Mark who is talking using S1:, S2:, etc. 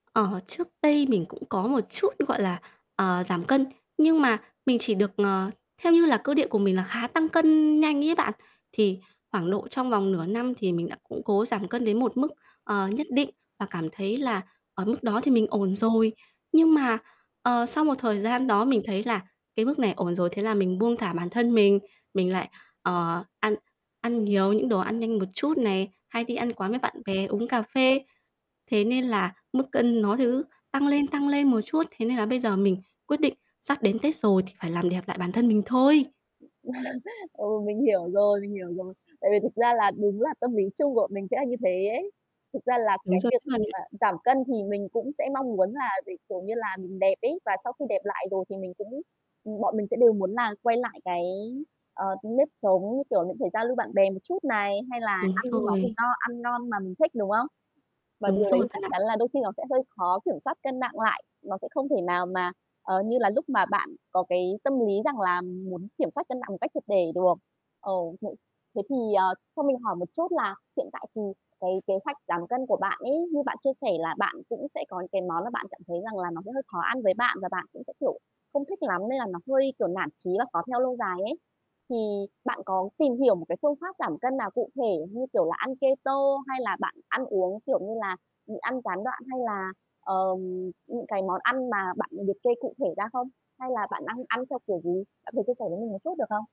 S1: Ờ, trước đây mình cũng có một chút, gọi là, ờ, giảm cân, nhưng mà mình chỉ được, ờ, theo như là cơ địa của mình là khá tăng cân nhanh ấy bạn, thì khoảng độ trong vòng nửa năm thì mình đã, cũng cố giảm cân đến một mức, ờ, nhất định và cảm thấy là ở mức đó thì mình ổn rồi. Nhưng mà, ờ, sau một thời
S2: [unintelligible]
S1: gian đó mình thấy là cái mức này ổn rồi, thế là mình buông thả bản thân mình,
S2: [unintelligible]
S1: mình lại, ờ, ăn
S2: Ừm.
S1: ăn nhiều những đồ ăn nhanh một chút này, hay đi ăn quán với bạn bè, uống cà phê. Thế nên là mức cân nó
S2: Ừm.
S1: thứ tăng lên, tăng lên một chút, thế nên là bây giờ mình quyết định sắp đến Tết rồi thì phải làm đẹp lại bản thân mình
S2: Ừm.
S1: thôi.
S2: Ừ, mình hiểu rồi, mình hiểu rồi. Tại vì thực ra là đúng là tâm lý chung bọn mình sẽ là như thế ấy. Thực ra là
S1: Đúng
S2: cái
S1: rồi
S2: việc
S1: đấy,
S2: mà
S1: bạn ạ.
S2: bạn giảm cân thì mình cũng sẽ mong muốn là để, kiểu như là, mình đẹp ấy, và sau khi đẹp lại rồi thì mình cũng ừm, bọn mình sẽ đều muốn là quay lại cái, à, nếp sống, như kiểu là, phải giao lưu bạn bè một chút này, hay là
S1: Đúng
S2: ăn những món gì
S1: rồi.
S2: no, ăn ngon mà mình thích, đúng không? Và
S1: Đúng
S2: điều đấy
S1: rồi,
S2: thì
S1: bạn
S2: chắc chắn
S1: ạ.
S2: là đôi khi nó sẽ hơi khó kiểm soát cân nặng lại, nó sẽ không thể nào mà, ờ, như là lúc mà bạn có cái tâm lý rằng là muốn kiểm soát cân nặng một cách triệt để được. Ờ, thế thế thì, ờ, cho mình hỏi một chút là hiện tại thì cái kế hoạch giảm cân của bạn ấy, như bạn chia sẻ là bạn cũng sẽ có những cái món mà bạn cảm thấy rằng là nó sẽ hơi khó ăn với bạn, và bạn cũng sẽ, kiểu, không thích lắm nên là nó hơi kiểu nản chí và khó theo lâu dài ấy. Thì bạn có tìm hiểu một cái phương pháp giảm cân nào cụ thể, như kiểu là, ăn keto hay là bạn ăn uống, kiểu như là, nhịn ăn gián đoạn hay là, ờ, những cái món ăn mà bạn liệt kê cụ thể ra không? Hay là bạn đang ăn theo kiểu gì? Bạn có thể chia sẻ với mình một chút được không?